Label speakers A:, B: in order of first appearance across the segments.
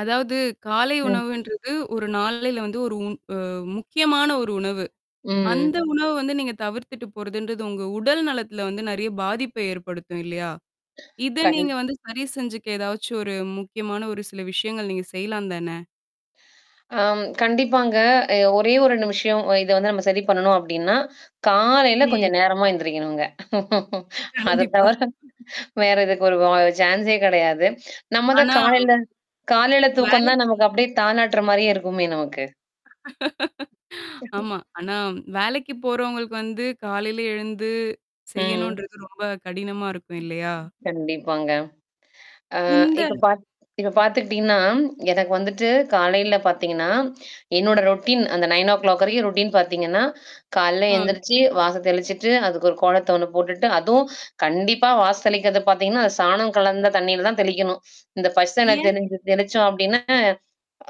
A: அதாவது, காலை
B: ம்.
A: உணவுன்றது ஒரு நாளில வந்து ஒரு உண் அ முக்கியமான ஒரு உணவு.
B: ம்.
A: அந்த உணவு வந்து நீங்க தவிர்த்துட்டு போறதுன்றது உங்க உடல் நலத்தில வந்து நறைய பாதிப்ப ஏற்படுத்தும் இல்லையா? இத
B: கண்
A: நீங்க வந்து சரி செஞ்சுக்க ஏதாச்சு ஒரு முக்கியமான ஒரு சில விஷயங்கள் நீங்க செய்யலாம் தானே?
B: ஆம் கண்டிப்பாங்க. அ ஒரே 1 நிமிஷம் இத வந்து நம்ம சரி பண்ணணும் அப்டின்னா, காலையில
A: ம்.
B: கொஞ்சம் நேரமா எந்திரிக்கணுங்க. அத
A: கண்டிப்பா.
B: தவிர வேற இதுக்கு ஒரு வ சான்ஸே கிடையாது. நம்ம தான்
A: ஆனா
B: காலையில காலையில தூக்கம் தான்
A: வேளக்கி
B: நமக்கு அப்டியே தாாளாட்டுற மாரியே இருக்குமே நமக்கு.
A: ஆமா. ஆனா வேலைக்கு போறவங்களுக்கு வந்து காலையில எழுந்து
B: ம்.
A: செய்யணுன்றது ரொம்ப கடினமா இருக்கும் இல்லையா?
B: கண்டிப்பாங்க. ஆ
A: இந்த
B: இப்ப பாத்த இப்ப பார்த்துக்கிட்டீங்கன்னா, எனக்கு வந்துட்டு காலையில பார்த்தீங்கன்னா, என்னோட ரொட்டீன் அந்த 9 ஓ கிளாக் வரைக்கும் ரொட்டீன் பார்த்தீங்கன்னா, காலைல
A: அம்.
B: எழுந்திரிச்சு வாச தெளிச்சுட்டு அதுக்கு ஒரு கோலத்த ஒண்ணு போட்டுட்டு அதுவும் கண்டிப்பா வாச தெளிக்கிறது பார்த்தீங்கன்னா, அந்த சாணம் கலந்த தண்ணீயில தான் தெளிக்கணும். இந்த பஷ [unintelligible] என்ன
A: ஏன்?
B: தெளிஞ்ச தெளிச்சோம் அப்டின்னா,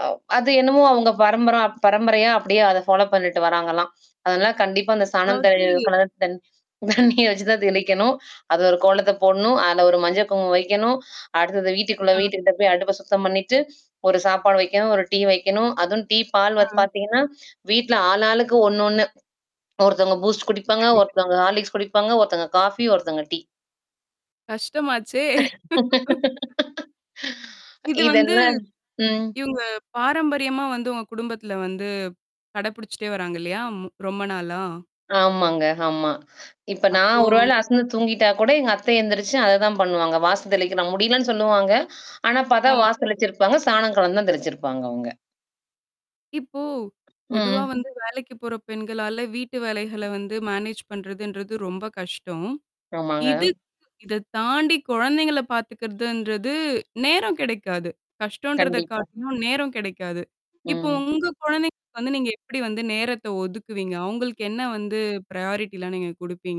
B: அ அது என்னமோ அவங்க பரம்பரா பரம்பரையா அப்டியியே அத ஃபாலோ பண்ணிட்டு வராங்கலாம். அதனால கண்டிப்பா அந்த சாணம் தி
A: அதாவது
B: கல தி தண்ணீர் வச்சு தான் தெளிக்கணும். அது ஒரு கோலத்த போடணும். அதுல ஒரு மஞ்சள் குங்குமம் வைக்கணும். அடுத்தது வீட்டுக்குள்ள
A: ஆ.
B: வீட்டுக்கிட்ட போய் அடுப்ப சுத்தம் பண்ணிட்டு, ஒரு சாப்பாடு வைக்கணும், ஒரு டீ வைக்கணும். அதும் டீ பால்
A: ஆ.
B: வந்து பார்த்தீங்கன்னா, வீட்ல ஆள் ஆளுக்கு ஒண்ணு ஒண்ணு. ஒருத்தவங்க பூஸ்ட் குடிப்பாங்க.
A: சரி.
B: ஒருத்தவங்க ஹாலிக்ஸ் குடிப்பாங்க. ஒருத்தவங்க காஃபி, ஒருத்தவங்க டீ.
A: கஷ்டமாச்சே! இது வந்து
B: இதெல்லாம் ம்.
A: இவங்க பாரம்பரியமா வந்து உங்க குடும்பத்தில வந்து கடைபிடிச்சுட்டே வராங்க இல்லையா? ரொம்ப நாளா?
B: ஆமாங்க. ஆமா. இப்ப நான்
A: அப்போ
B: ஒரு வேள அசந்து தூங்கிட்டா கூட எங்க அத்தை எந்திரிச்சு அததான் பண்ணுவாங்க. வாசு தெளிக்கிறான் முடியலன்னு சொல்லுவாங்க. ஆனா பார்த்தா
A: ஆ.
B: வாசு தெளிச்சிருப்பாங்க, சாணம் கலந்து தான் தெளிச்சிருப்பாங்க அவங்க.
A: இப்போ பொதுவா
B: ம்.
A: வந்து வேலைக்கு போற பெண்களால வீட்டு வேலைகள வந்து மேனேஜ் பண்றதுன்றது ரொம்ப கஷ்டம்.
B: ஆமாங்க.
A: இதுக் இத தாண்டி குழந்தைங்கள பாார்த்தக்கிறதுன்றது நேரம் கிடைக்காது. கஷ்டம்ன்றத
B: கண்டிப்பா.
A: காட்டினும் நேரம் கிடைக்காது. இப்போ
B: ம்.
A: உங்க குழந்தைங்களுக்கு வந்து நீங்க எப்படி வந்து நேரத்த ஒதுக்குவீங்க? உங்களுக்கு என்ன வந்து ப்யாரிட்டிலாம் நீங்க குடுப்பீங்க?